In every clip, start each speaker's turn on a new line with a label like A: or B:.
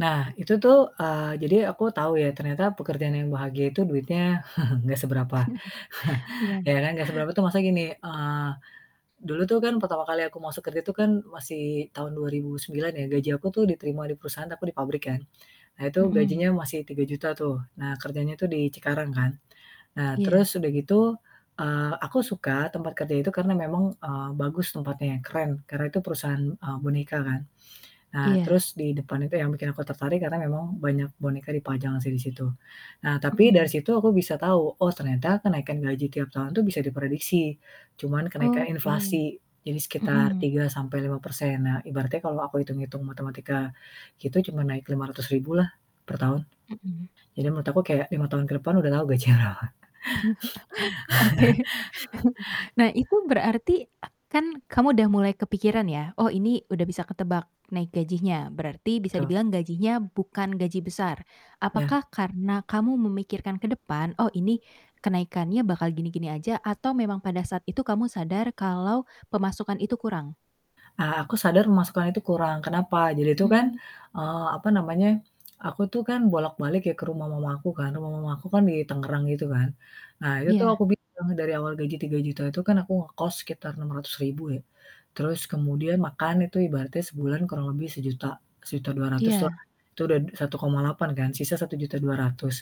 A: Nah itu tuh, eee, jadi aku tau ya ternyata pekerjaan yang bahagia itu duitnya gak seberapa.
B: Iya.
A: Ya kan. Gak seberapa tuh masa gini, eee, dulu tuh kan pertama kali aku masuk kerja tuh kan masih tahun 2009 ya gaji aku tuh diterima di perusahaan aku di pabrik kan, nah itu
B: Mhm.
A: gajinya masih Rp3.000.000 tuh. Nah kerjanya tuh di Cikarang kan. Nah
B: Iya.
A: terus udah gitu, eee, aku suka tempat kerja itu karena memang, eee, bagus tempatnya, keren. Karena itu perusahaan, eee, boneka kan. Nah
B: Iya.
A: terus di depan itu yang bikin aku tertarik karena memang banyak boneka dipajang sih di situ. Nah tapi dari
B: Mhm.
A: situ aku bisa tahu, oh ternyata kenaikan gaji tiap tahun tuh bisa diprediksi, cuman kenaikan
B: Oke.
A: inflasi jadi sekitar
B: Mhm.
A: 3% sampai 5%. Nah ibaratnya kalau aku itung-itung matematika itu cuman naik Rp500.000 lah pertahun.
B: Mhm.
A: Jadi menurut aku kaya 5 tahun ke depan udah tahu gaji berapa.
B: Oke. Nah itu berarti a kan kamu udah mulai kepikiran ya, oh ini udah bisa ketebak naik gajinya. Berarti
A: Tu
B: bisa dibilang gajinya bukan gaji besar.
A: Ya.
B: Apakah karena kamu memikirkan ke depan, Oh ini kenaikannya bakal gini-gini aja atau memang pada saat itu kamu sadar kalau pemasukan itu kurang?
A: A aku sadar pemasukan itu kurang. Kenapa? Jadi itu kan,
B: Hmm.
A: eee, apa namanya. Aku tuh kan bolak-balik ya ke rumah mama aku kan. Rumah mama aku kan di Tangerang gitu kan. Nah itu tuh
B: Iya.
A: aku bilang dari awal gaji Rp3.000.000 itu kan aku ngekos sekitar Rp600.000 ya, terus kemudian makan itu ibaratnya sebulan kurang lebih Rp1.000.000, Rp1.200.000 lah.
B: Iya.
A: Itu udah Rp1.800.000 kan, sisa Rp1.200.000.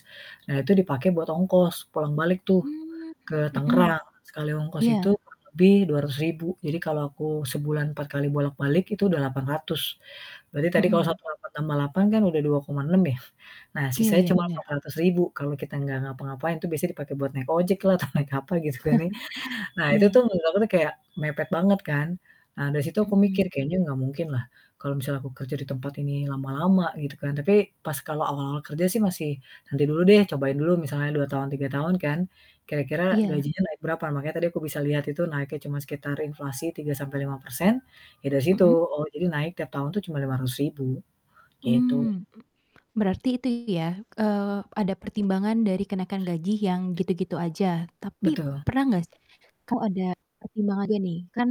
A: Nah itu dipakai buat ongkos pulang balik tuh
B: Mmm.
A: ke
B: Mhm.
A: Tangerang, sekali ongkos
B: Iya.
A: itu kurang lebih Rp200.000. Jadi kalau aku sebulan 4 kali bolak-balik itu udah Rp800.000. Berarti tadi kalau satu
B: Mhm.
A: koma delapan tambah Rp800.000 kan udah Rp2.600.000 ya. Nah
B: Iya,
A: sisanya
B: ya,
A: cuma empat
B: bener.
A: ratus ribu kalau kita enggak ngapa-ngapain, itu biasa dipakai buat naik ojek lah atau naik apa gitu nih. Nah itu
B: Iya.
A: tuh menurut aku kayak mepet banget kan. Nah dari situ aku mikir
B: Mhm.
A: kayaknya nggak mungkin lah kalau misalnya aku kerja di tempat ini lama-lama gitu kan. Tapi pas kalau awal-awal kerja sih masih, "Nanti dulu deh, cobain dulu misalnya 2 tahun, 3 tahun kan, kira-kira
B: Iya.
A: gajinya naik berapa." Makanya aku bisa lihat itu naiknya cuma sekitar inflasi 3% sampai 5% ya dari situ.
B: Mhm.
A: Oh jadi naik tiap tahun itu cuma Rp500.000 gitu.
B: Mmm. Berarti itu ya, eee, ada pertimbangan dari kenaikan gaji yang gitu-gitu aja. Tapi
A: Betul.
B: pernah gak s kau ada pertimbangan juga nih, kan